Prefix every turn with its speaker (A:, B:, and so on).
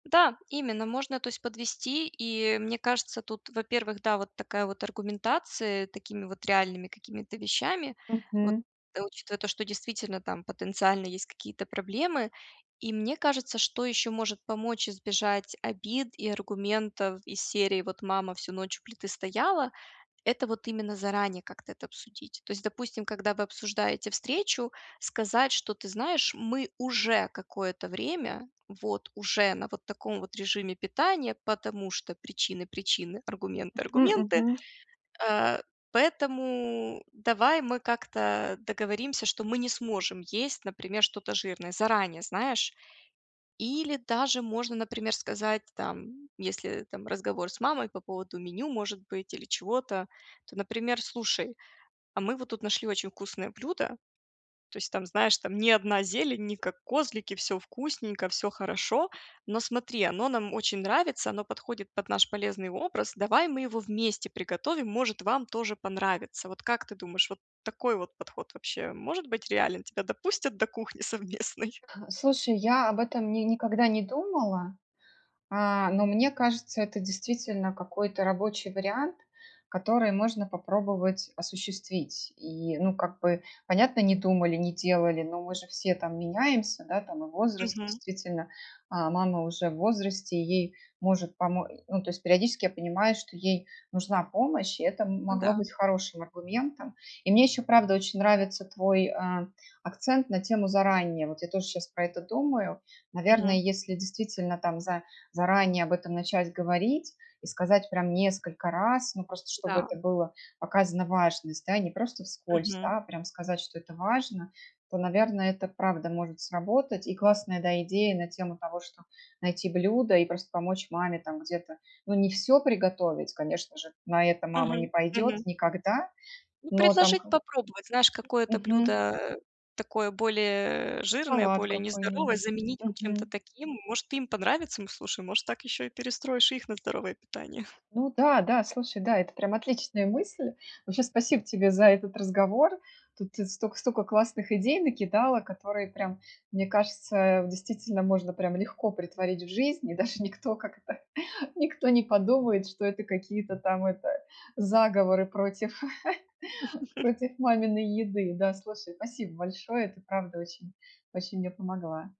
A: Да, именно можно, то есть подвести. И мне кажется, тут, во-первых, да, вот такая вот аргументация такими вот реальными какими-то вещами, вот
B: Мгм.
A: учитывая то, что действительно там потенциально есть какие-то проблемы. И мне кажется, что ещё может помочь избежать обид и аргументов из серии: "Вот мама всю ночь у плиты стояла",- это вот именно заранее как-то это обсудить. То есть, допустим, когда вы обсуждаете встречу, сказать что: "Ты знаешь, мы уже какое-то время вот уже на вот таком вот режиме питания, потому что причины причины, аргументы
B: Мгм,
A: аргументы.
B: мгм.
A: А, поэтому давай мы как-то договоримся, что мы не сможем есть, например, что-то жирное." Заранее, знаешь? Или даже можно, например, сказать там, если там разговор с мамой по поводу меню может быть или чего-то, то, например: "Слушай, а мы вот тут нашли очень вкусное блюдо. То есть там, знаешь, там не одна зелень, не как козлики, всё вкусненько, всё хорошо, но смотри, оно нам очень нравится, оно подходит под наш полезный образ. Давай мы его вместе приготовим, может, вам тоже понравится". Вот как ты думаешь, вот такой вот подход вообще может быть реален? Тебя допустят до кухни совместной?
B: Слушай, я об этом ни никогда не думала, а, но мне кажется, это действительно какой-то рабочий вариант, который можно попробовать осуществить. И, ну, как бы, понятно, не думали, не делали, но мы же все там меняемся, да, там и возраст,
A: Мгм.
B: действительно, а мама уже в возрасте, ей может помо э. Ну, то есть периодически я понимаю, что ей нужна помощь, и это м
A: Ну
B: могло
A: да.
B: быть хорошим аргументом. И мне ещё, правда, очень нравится твой, а, акцент на тему заранее. Вот я тоже щас про это думаю. Наверное,
A: Мгм.
B: если действительно там за заранее об этом начать говорить и сказать прям несколько раз, ну, просто чтобы
A: Да.
B: это было показано важность, да, не просто вскользь,
A: Мгм.
B: да, а прям сказать, что это важно, то, наверное, это правда может сработать. И классная, да, идея на тему того, что найти блюдо и просто помочь маме там где-то, ну, не всё приготовить, конечно же, на это мама не
A: Мгм.
B: пойдёт
A: Мгм.
B: никогда,
A: Ну,
B: но там
A: предложить
B: ха
A: попробовать, знаешь, какое-то
B: Мгм.
A: блюдо, э, такое более, э, жирное,
B: Салат
A: более нездоровое,
B: какой-нибудь.
A: заменить вот чем-то
B: Мгм.
A: таким. Может, им понравится, м, слушай, может, так ещё и перестроишь их на здоровое питание.
B: Ну да, да, слушай, да, это прям отличная мысль. Вообще, спасибо тебе за этот разговор. Тут и столько сколько классных идей накидала, которые прям, мне кажется, в действительно можно прям легко претворить в жизнь, и даже никто как-то никто не подумает, что это какие-то там это заговоры против против маминой еды. Да, слушай, спасибо большое, ты правда очень очень мне помогла.